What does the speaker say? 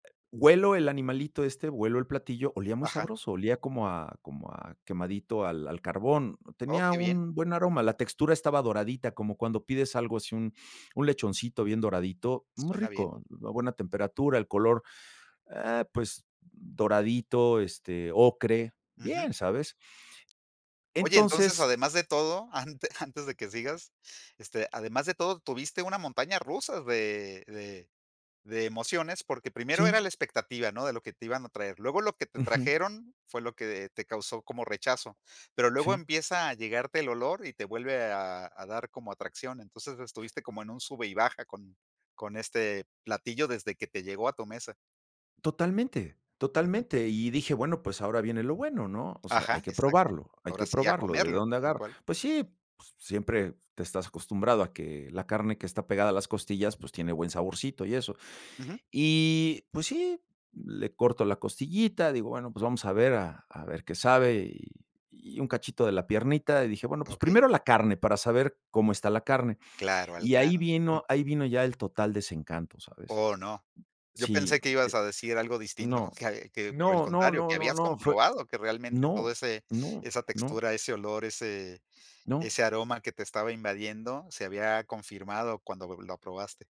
Huelo el animalito este, huelo el platillo, olía muy Ajá. sabroso, olía como a como a quemadito al al carbón, Oh, tenía qué bien. un buen aroma, la textura estaba doradita, como cuando pides algo así, un un lechoncito bien doradito, muy Suena bien. rico, a buena temperatura, el color, eh, pues doradito, este, ocre. Ujú. Bien, ¿sabes? Oye, entonces, Entonces además de todo, ante antes de que sigas, este, además de todo, tuviste una montaña rusa de de de emociones, porque primero Sí. era la expectativa, ¿no? De lo que te iban a traer, luego lo que te Ujú. trajeron fue lo que te causó como rechazo, pero luego Sí. empieza a llegarte el olor y te vuelve a a dar como atracción, entonces estuviste como en un sube y baja con con este platillo desde que te llegó a tu mesa. Totalmente, Ujú. totalmente. Y dije: "Bueno, pues ahora viene lo bueno, ¿no? O sea, hay Ajá, que exacto. probarlo hay Ahora que sí, a probarlo, ¿de comerlo, dónde tal agarro?". cual. Pues sí, s siempre te estás acostumbrado a que la carne que está pegada a las costillas, pues tiene buen saborcito y eso. Ujú. Y pues sí, le corto la costillita, digo: "Bueno, pues vamos a ver a a ver qué sabe", y y un cachito de la piernita, y dije: "Bueno, pues Okey. primero la carne, para saber cómo está la carne". Claro, al Y ahí grano. Ujú. vino ahí vino ya el total desencanto, ¿sabes? Oh, no. Yo Sí, pensé que no, ibas eh. a decir algo distinto, No, que que, por el no, no, contrario, no, que no, habías no, fue comprobado que realmente No, todo ese no, esa no. textura, ese olor, ese No. ese aroma que te estaba invadiendo se había confirmado cuando lo lo probaste.